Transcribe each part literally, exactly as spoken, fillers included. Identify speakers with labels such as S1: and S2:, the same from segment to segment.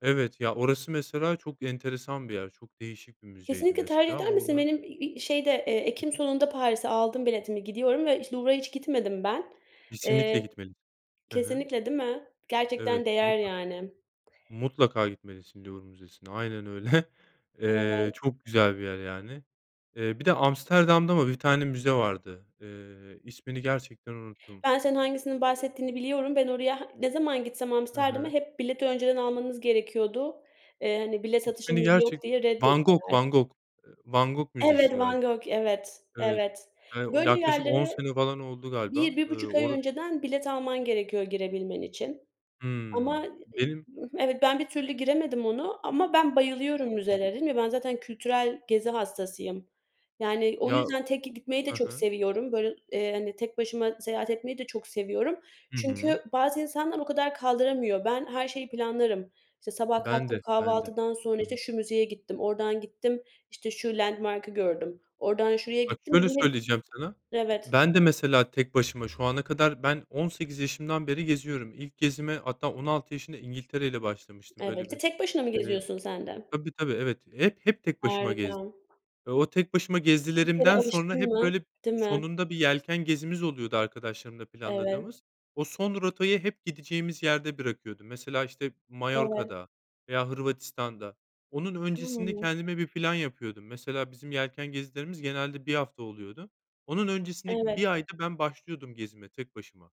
S1: Evet, ya, orası mesela çok enteresan bir yer, çok değişik bir müzeydi
S2: Kesinlikle tercih
S1: mesela
S2: eder misin?
S1: oradan
S2: Benim, iii, şeyde, eee,
S1: Hı
S2: ekim
S1: hı.
S2: sonunda Paris'e aldım biletimi, gidiyorum ve işte, Louvre'a hiç gitmedim ben.
S1: Kesinlikle
S2: Eee
S1: gitmelisin. Hı hı.
S2: kesinlikle, değil mi? Gerçekten
S1: Evet,
S2: değer,
S1: mutlaka.
S2: yani.
S1: Mutlaka gitmelisin Louvre Müzesi'ne. Aynen. öyle. Eee,
S2: Evet.
S1: çok güzel bir yer, yani. Eee, bir de Amsterdam'da mı bir tane müze vardı? Eee, ismini gerçekten unuttum.
S2: Ben senin hangisini
S1: [unintelligible]
S2: bahsettiğini biliyorum. Ben oraya ne zaman gitsem
S1: Hı
S2: Amsterdam'a,
S1: hı.
S2: hep bileti önceden almanız gerekiyordu, eee, hani, bilet
S1: İsmini
S2: satışımız yok
S1: gerçek
S2: diye
S1: Van Gogh,
S2: reddettiler.
S1: Van Gogh eee, Van Gogh Müzesi
S2: Evet, Van
S1: galiba.
S2: Gogh. Evet
S1: Evet,
S2: evet.
S1: yani,
S2: Böyle
S1: yaklaşık on
S2: yerlere
S1: sene falan oldu galiba.
S2: bir bir
S1: Iıı,
S2: buçuk ay
S1: ora
S2: önceden bilet alman gerekiyor girebilmen için.
S1: Hıı,
S2: Ama i
S1: benim
S2: evet, ben bir türlü giremedim ona. Ama ben bayılıyorum
S1: Anladım.
S2: müzelere. Dedim ya, ben zaten kültürel gezi hastasıyım. Yani, o
S1: Ya.
S2: yüzden tek gitmeyi de
S1: Hı
S2: çok
S1: hı.
S2: seviyorum. Böyle, eee, hani tek başıma seyahat etmeyi de çok seviyorum
S1: Hı hı.
S2: çünkü bazı insanlar o kadar kaldıramıyor. Ben her şeyi planlarım. İşte, sabah
S1: Ben
S2: kalktım,
S1: de, ben de.
S2: kahvaltıdan sonra,
S1: Hı hı.
S2: işte, şu müzeye gittim, oradan gittim işte şu landmark'ı gördüm, oradan şuraya
S1: Bak,
S2: gittim. Bir
S1: şöyle
S2: de hep
S1: söyleyeceğim sana:
S2: Evet.
S1: Ben de, mesela, tek başıma şu ana kadar ben on sekiz yaşımdan beri geziyorum. İlk gezime hatta on altı yaşında İngiltere ile başlamıştım.
S2: Evet.
S1: Böyle
S2: T
S1: bir
S2: tek başına mı
S1: eee,
S2: geziyorsun sen de?
S1: tabii, tabii, evet. Hep hep tek başıma
S2: Harika.
S1: gezdim. Ve o tek başıma
S2: Bir kere
S1: gezdiklerimden sonra
S2: alıştın
S1: hep,
S2: mı,
S1: böyle,
S2: değil mi?
S1: sonunda bir yelken gezimiz oluyordu arkadaşlarımla
S2: Evet.
S1: planladığımız. O son rotayı hep gideceğimiz yerde bırakıyordum. Mesela, işte,
S2: Evet.
S1: Mallorca'da veya Hırvatistan'da. Onun öncesinde
S2: Hımm.
S1: kendime bir plan yapıyordum. Mesela, bizim yelken gezilerimiz genelde bir hafta oluyordu. Onun öncesindeki
S2: Evet.
S1: bir ayda ben başlıyordum gezime tek başıma.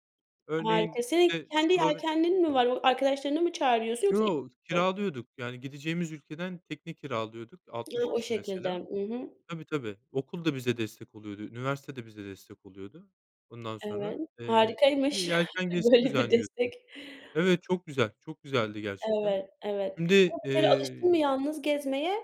S2: Harika.
S1: Örneğin,
S2: Senin
S1: işte,
S2: kendi
S1: Slove
S2: yelkenlin
S1: Hı
S2: mi
S1: hı.
S2: var? O arkadaşlarını mı çağırıyorsun yoksa.
S1: Yo,
S2: [unintelligible]
S1: kiralıyorduk, yani. Gideceğimiz ülkeden tekne kiralıyorduk.
S2: Yo,
S1: altmış
S2: o
S1: kişi, mesela.
S2: şekilde. I hı.
S1: Tabii, tabii, okul da bize destek oluyordu, üniversite de bize destek oluyordu. Ondan
S2: Evet,
S1: sonra, eee, bir
S2: harikaymış
S1: yelken gezisi
S2: böyle bir
S1: düzenliyordu.
S2: destek.
S1: Evet, çok güzel, çok güzeldi gerçekten.
S2: Evet, evet,
S1: Şimdi,
S2: ama bir kere alıştın mı
S1: eee
S2: yalnız gezmeye,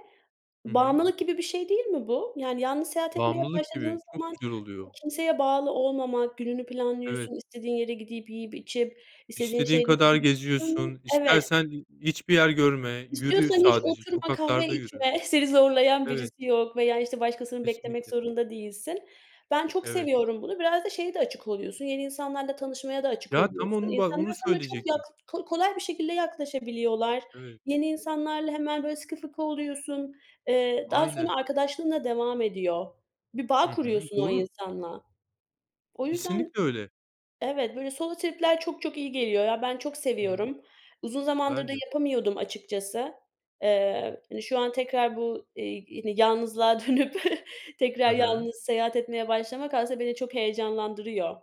S1: Hı hı.
S2: bağımlılık gibi bir şey, değil mi bu? Yani yalnız seyahat etmeye
S1: Bağımlılık
S2: başladığın
S1: gibi, çok
S2: zaman
S1: güzel oluyor.
S2: kimseye bağlı olmamak, gününü
S1: Evet.
S2: planlıyorsun, istediğin yere gidip yiyip içip istediğin
S1: İstediğin
S2: şeyleri
S1: kadar
S2: Hı,
S1: geziyorsun.
S2: evet.
S1: İstersen hiçbir yer görme. Yürü
S2: İstiyorsan hiç
S1: sadece,
S2: oturma, kahve
S1: sokaklarda yürü.
S2: içme, seni zorlayan
S1: Evet.
S2: birisi yok veya, işte, başkasını beklemek
S1: Kesinlikle.
S2: zorunda değilsin. Ben çok
S1: Evet.
S2: seviyorum bunu. Biraz da şeye de açık oluyorsun; yeni insanlarla tanışmaya da açık
S1: Ya, tam
S2: oluyorsun.
S1: onu bah
S2: İnsanlar
S1: onu
S2: sana çok yak
S1: söyleyecektim.
S2: kolay bir şekilde yaklaşabiliyorlar.
S1: Evet.
S2: Yeni insanlarla hemen, böyle, sıkı fıkı oluyorsun, eee, daha
S1: Aynen.
S2: sonra arkadaşlığın da devam ediyor. Bir
S1: Hı
S2: bağ
S1: hı.
S2: kuruyorsun o
S1: Doğru.
S2: insanla. O yüzden
S1: Kesinlikle öyle.
S2: Evet, böyle solo trip'ler çok çok iyi geliyor, ya. Ben çok
S1: Hı hı.
S2: seviyorum. Uzun zamandır
S1: Ben
S2: da
S1: de.
S2: yapamıyordum açıkçası. Eee, hani, şu an tekrar bu, iii, ini yalnızlığa dönüp
S1: Hı
S2: tekrar
S1: hı.
S2: yalnız seyahat etmeye başlamak aslında beni çok heyecanlandırıyor.